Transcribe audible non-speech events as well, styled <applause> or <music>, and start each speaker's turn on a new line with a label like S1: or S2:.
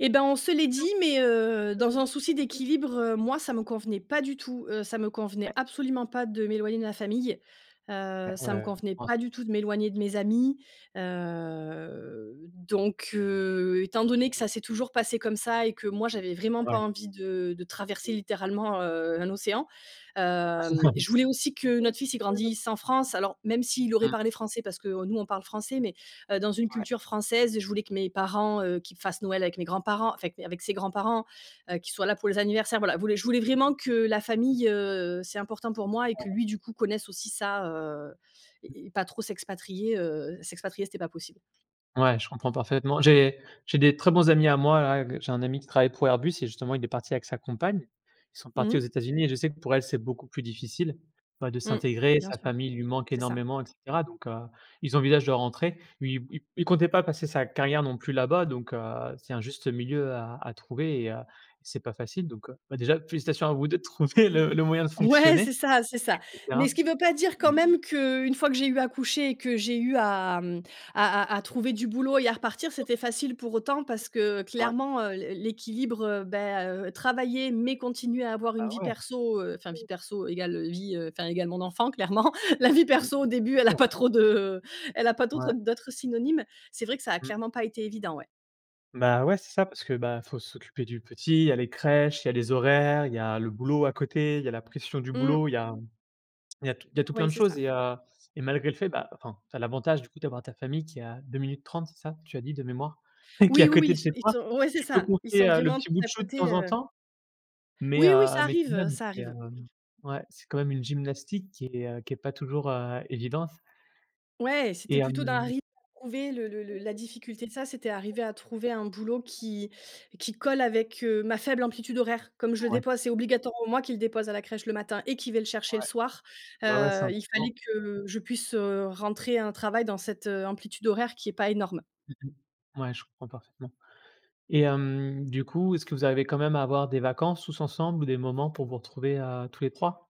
S1: Et ben, on se l'est dit, mais, heu, dans un souci d'équilibre, heu, moi, ça me convenait pas du tout. Heu, ça me convenait absolument pas de m'éloigner de ma famille. Heu,
S2: <unintelligible>
S1: ça me
S2: en
S1: convenait
S2: France.
S1: pas du tout de m'éloigner de mes amis. Heu, donc heu, étant donné que ça
S2: <unintelligible>
S1: s'est toujours passé comme ça et que moi, j'avais vraiment pas
S2: Ouais.
S1: envie de de traverser,
S2: <unintelligible>
S1: littéralement, heu, un océan, hem, je voulais aussi que
S2: <chuckles> Mmh.
S1: notre fils, il grandisse en France. Alors, même s'il aurait parlé français, parce que, heu, nous, on parle français, mais, heu, dans une
S2: Ouais.
S1: culture française. Je voulais que mes parents, heu, qu'il fasse Noël avec mes grands-parents, enfin, mes avec ses grands-parents, heu, qu'il soit là pour les anniversaires, voilà, voulais je voulais vraiment que la famille, heu, c'est important pour moi et
S2: Ouais.
S1: que lui, du coup, connaisse aussi ça, heu
S2: Mmh.
S1: et et pas trop s'expatrier, heu, s'expatrier, c'était pas possible.
S2: Ouais, je comprends parfaitement. J'ai j'ai des très bons amis à moi, là qu j'ai un ami qui travaille pour Airbus et justement, il est parti avec sa compagne. Ils sont
S1: Mmh
S2: partis aux
S1: mh.
S2: États-Unis et je sais que pour elle c'est beaucoup plus difficile, enfin, de
S1: Mmh.
S2: s'intégrer,
S1: Bien
S2: sa
S1: sûr,
S2: famille lui manque
S1: c'est ça.
S2: énormément et cetera. Donc heu, ils envisagent de rentrer. Lui, il il comptait pas passer sa carrière, non plus, là-bas donc heu, c'est un juste milieu à à trouver et heu et c'est pas facile, donc heu. Bah, déjà félicitations à vous 2, de trouver le le moyen de
S1: Ouais,
S2: fonctionner
S1: c'est ça, c'est ça.
S2: et cetera,
S1: Mais ce qui veut pas dire,
S2: mmh.
S1: quand même, qu'une fois que j'ai eu accouché et que j'ai eu à, hem, à à à trouver du boulot et à repartir, c'était facile pour autant parce que,
S2: Ouais.
S1: clairement, heu, l'é l'équilibre, heu, bah, heu, travailler, mais continuer à
S2: Ah
S1: avoir une
S2: bah,
S1: vie
S2: ouais!
S1: perso, heu, enfin, vie perso égal vie, heu, enfin, égal mon enfant, clairement. La vie
S2: Mmh mh.
S1: perso, au début, elle a
S2: Sûr,
S1: pas
S2: ouais.
S1: trop de elle a pas
S2: Ouais.
S1: d'autres d'autres synonymes. C'est vrai que ça a
S2: Mmh.
S1: clairement pas été évident, ouais.
S2: Bah, ouais c'est ça parce que, bah, il faut s'occuper du petit. Il y a les crèches, il y a les horaires, il y a le boulot à côté, il y a la pression du
S1: Mmh.
S2: boulot, il y a, hem, il y a tout il y a tout plein
S1: Ouais,
S2: de
S1: c'est
S2: choses
S1: ça.
S2: et heu, et malgré le fait, bah enfin, tu as l'avantage, du coup, d'avoir ta famille qui est à 2 minutes 30, c'est ça? Tu as dit de mémoire, qui est
S1: Oui,
S2: à
S1: oui, oui,
S2: côté de chez
S1: ils
S2: toi.
S1: sont ils sont ouais, c'est
S2: Tu peux
S1: ça. Ils
S2: confier,
S1: sont
S2: heu, le
S1: vraiment tout
S2: petit bout de
S1: à
S2: chou, de
S1: côté,
S2: temps en
S1: heu.
S2: temps? Mais
S1: Oui, oui,
S2: heu,
S1: ça
S2: mais tout de
S1: arrive, heu,
S2: même,
S1: ça
S2: c'est
S1: arrive.
S2: hem ouais, c'est quand même une gymnastique qui est qui est pas toujours, heu, évidente.
S1: Ouais,
S2: Et
S1: c'était plutôt d'un
S2: hem
S1: rythme à trouver. Le le le la difficulté de ça, c'était arriver à trouver un boulot qui qui colle avec, heu, ma faible amplitude horaire. Comme je
S2: C'est
S1: le
S2: vrai.
S1: dépose, c'est obligatoirement moi qui le dépose à la crèche, le matin et qui vais le chercher le
S2: Ouais.
S1: soir.
S2: Bah, ouais, c'est
S1: Heu, il
S2: important.
S1: fallait que je puisse, heu, rentrer un travail dans cette, heu, amplitude horaire qui est pas énorme.
S2: Mmh mh. Ouais, je comprends parfaitement et hem, du coup, est-ce que vous arrivez quand même à avoir des vacances tous ensemble ou des moments pour vous retrouver, heu, tous les 3?